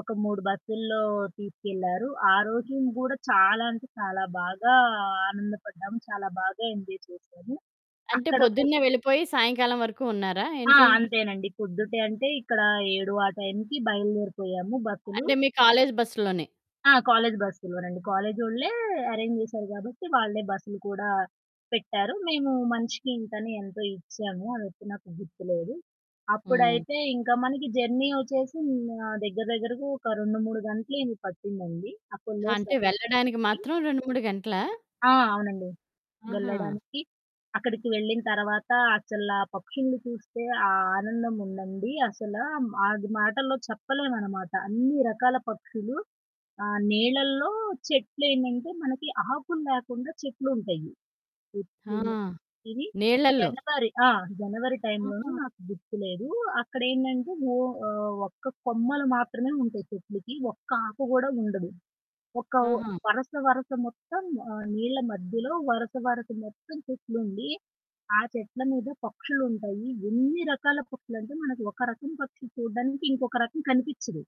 ఒక 3 బస్సుల్లో తీసుకెళ్లారు. ఆరోజున గూడా చాలా అంటే చాలా బాగా ఆనందపడ్డాం. చాలా బాగా ఎంజాయ్ చేసాము. అంటే అక్కడకు పొద్దున్నే వెళ్ళిపోయి సాయంకాలం వరకు ఉన్నారా ఆ! ఏంటి? అంతేనండి పొద్దుటే అంటే ఇక్కడ 7 ఆ టైంకి బయలుదేరిపోయాము బస్సులు. అంటే మీ కాలేజు బస్సులోనే. ఆ! కాలేజు బస్సులోనండి. కాలేజోళ్ళే అరేంజ్ చేసారు కాబట్టి, వాళ్ళే బస్సులు కూడా పెట్టారు. మేము మనిషికి ఇంతని ఎంతో ఇచ్చాము. అదైతే నాకు గుర్తులేదు. హ్మ్. అప్పుడైతే ఇంకా మనకి జర్నీ వచ్చేసి హ్మ్, ఆహ్, దగ్గర దగ్గరకు ఒక 2, 3 గంటలు అయింది. పట్టిందండి అప్పుడు అంటే లేసేసరికి. వెళ్ళడానికి మాత్రం 2, 3 గంటలా? ఆ! అవునండి. ఆహా! వెళ్ళడానికి, అక్కడికి వెళ్ళిన తర్వాత అసలా పక్షుల్ని చూస్తే, ఆ ఆనందం ఉండండి అసలా హ్మ్, అది మాటల్లో చెప్పలేవనమాట. అన్ని రకాల పక్షులు ఆహ్, నీలల్లో చెట్లేంటంటే మనకి ఆకులు లేకుండా చెట్లుంటయి. ఆ! [unintelligible] ఇవి నీళ్ళల్లో. జనవరి ఆ! జనవరి టైంలోను ఆహా! నాకు గుర్తులేదు. అక్కడేంటంటే ఓ ఆహ్, ఒక్క కొమ్మలు మాత్రమే ఉంటయి చెట్లకి. ఒక్క ఆకు గూడా ఉండదు. ఒక ఓ ఆహా! వరస, వరస మొత్తం ఆహ్, నీళ్ల మధ్యలో వరుస, వరస మొత్తం చెట్లుండి, ఆ చెట్ల మీద పక్షులుంటయి. ఎన్ని రకాల పక్షులంటే మనకు ఒక రకం పక్షి చూడ్డానికి ఇంకొక రకం కనిపిచ్చదు.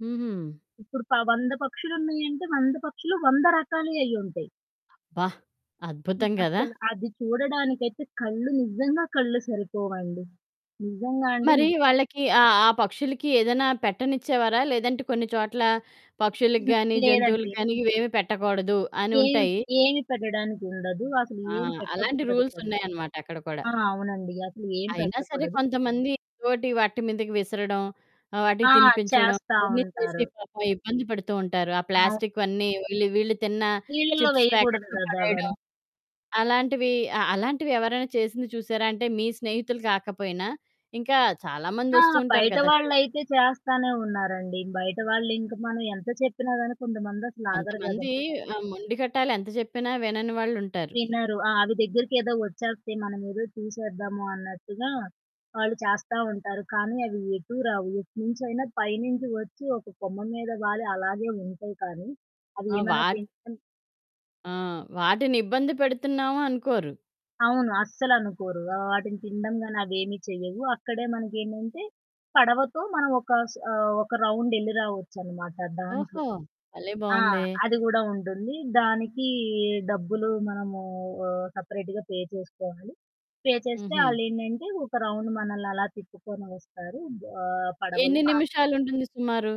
హుహు. ఇప్పుడు ప 100 పక్షులున్నయంటే, 100 పక్షులు, 100 రకాలయి అయ్యింటాయి. అబ్బా! హ్మ్. అద్భుతం కదా! అసల, అది చూడడానికైతే కళ్ళు నిజంగా కళ్ళు సరిపోవండి. నిజంగా అండి. మరి నిజంగా. వాళ్ళకి ఆ, ఆ పక్షులకి ఏదైనా పెట్టనిచ్చేవారా? లేదంటే కొన్ని చోట్ల పక్షులకి గాని, హ్మ్, జంతువులకి లేదండి. గాని ఇవేమి పెట్టకూడదు అని ఏమి ఉంటాయి. ఏమి పెట్టడానికుండదు. అసలు ఆ! ఏం అలాంటి పెట్టకూడదు రూల్స్ కూడా. ఉన్నాయనమాట అక్కడ కూడా. ఆ! అవునండీ. అసలు ఏం అయినా సరే పెట్టకూడదు. కొంతమంది, ఏదోటి వాటి మీదకి విసరడం, ఆహ్, ఆ! వాటికి తినిపించడం చేస్తా అవన్నీ చేసి ఉంటారు. పాపం ఇబ్బంది పడుతూ ఉంటారు. ఆ ఆ! ప్లాస్టిక్‌వన్నీ వీళ్ళు వీళ్ళు తిన్న నీళ్ళల్లో చిప్స్ వేయకూడదు ప్యాకెట్లు గదా పడేయడం. అవన్ని. అలాంటివి అ అలాంటివి ఎవరైనా చేసింది చూసారా అంటే మీ స్నేహితులు కాకపోయినా, ఇంకా చాలా మంది ఆ! వస్తూ ఉంటారు కదా! ఆ చోటకు. బయటవాళ్ళైతే చేస్తానే ఉన్నారండి. బయట వాళ్ళు ఇంకా మనం ఎంత చెప్పినా గాని కొంతమంది అసలు ఆగరు కొంతమంది గదండి. ఆహ్, మొండిగటాలు ఎంత చెప్పినా వినని వాళ్ళుంటారు. తినరు. ఆ! అవి దగ్గరికేదో వచ్చేస్తాయి. మనమేదో తీసేద్దాము అన్నట్టుగా వాళ్ళు చేస్తా ఉంటారు. కానీ అవి ఎటూ రావు. ఎటునుంచైనా పైనుంచి వచ్చి ఒక కొమ్మ మీద వాలి అలాగే ఉంటాయి కానీ, అవి ఆ! ఏమైనా వాట్ తింటన్ ఆ! వాటిని ఇబ్బంది పెడుతున్నాము అనుకోరు. అవును. అస్సలు అనుకోరు. ఆ! వాటిని తినడం గాని అవేమి చెయ్యవు. అక్కడే మనకు ఏంటంటే పడవతో మనం ఒక స్ ఆహ్, ఒక రౌండ్ ఎళ్లి రావచ్చనమాట దాంట్లో. ఓహో! భలే! ఆ! బావుందే. అది గూడా ఉంటుంది. దానికి డబ్బులు మనము ఆహ్, సెపరేట్‌గా పే చేసుకోవాలి. పే చేస్తే హుహు. ఆళ్ళేంటంటే, ఒక రౌండ్ మనల్ని అలా తిప్పుకొని వస్తారు ఆహ్, పడవలు ఎన్ని ఆ! నిమిషాలుంటుంది సుమారు?